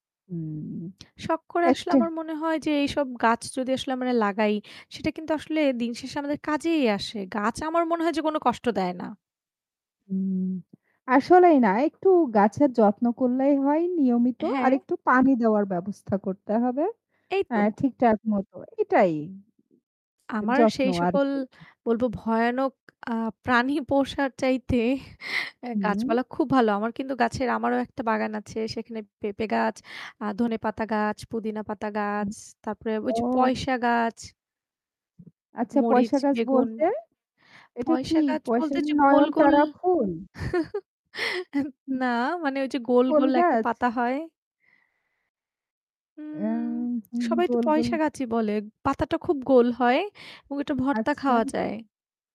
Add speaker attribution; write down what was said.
Speaker 1: উম
Speaker 2: শখ করে আসলে
Speaker 1: একটা
Speaker 2: আমার মনে হয় যে এইসব গাছ যদি আসলে আমরা লাগাই, সেটা কিন্তু আসলে দিনশেষে আমাদের কাজেই আসে। গাছ আমার মনে হয় যে কোনো কষ্ট দেয় না।
Speaker 1: উম আসলেই না, একটু গাছের যত্ন করলেই হয় নিয়মিত। আর
Speaker 2: হ্যাঁ।
Speaker 1: একটু পানি দেওয়ার ব্যবস্থা করতে হবে।
Speaker 2: এই
Speaker 1: অ্যা
Speaker 2: তো।
Speaker 1: ঠিকঠাক মতো। এটাই [unintelligible]
Speaker 2: আমার
Speaker 1: যত্ন
Speaker 2: সেই সকল
Speaker 1: আরকি।
Speaker 2: বলবো ভয়ানক আ প্রাণী পোষার চাইতে অ্যা
Speaker 1: হুম।
Speaker 2: গাছপালা খুব ভালো। আমার কিন্তু গাছের আমারও একটা বাগান আছে। সেখানে পেঁপে গাছ, আ ধনেপাতা গাছ, পুদিনা পাতা গাছ,
Speaker 1: হুম
Speaker 2: তারপরে ওই যে
Speaker 1: ও
Speaker 2: পয়সা গাছ।
Speaker 1: আচ্ছা
Speaker 2: মরিচ,
Speaker 1: পয়সা গাছ
Speaker 2: বেগুন।
Speaker 1: বলতে? এটা কি
Speaker 2: পয়সা গাছ বলতে
Speaker 1: পয়সার
Speaker 2: ঐযে গোল,
Speaker 1: নয়ন
Speaker 2: গোল
Speaker 1: তারা ফুল?
Speaker 2: অ্যা
Speaker 1: হুম।
Speaker 2: না মানে ওই যে গোল,
Speaker 1: ফুল
Speaker 2: গোল একটা
Speaker 1: গাছ?
Speaker 2: পাতা হয়।
Speaker 1: অ্যা
Speaker 2: উম
Speaker 1: হুম
Speaker 2: সবাই তো
Speaker 1: গোল, গোল
Speaker 2: পয়সা গাছই বলে। পাতাটা খুব গোল হয় এবং এটা ভর্তা খাওয়া
Speaker 1: আচ্ছা।
Speaker 2: যায়।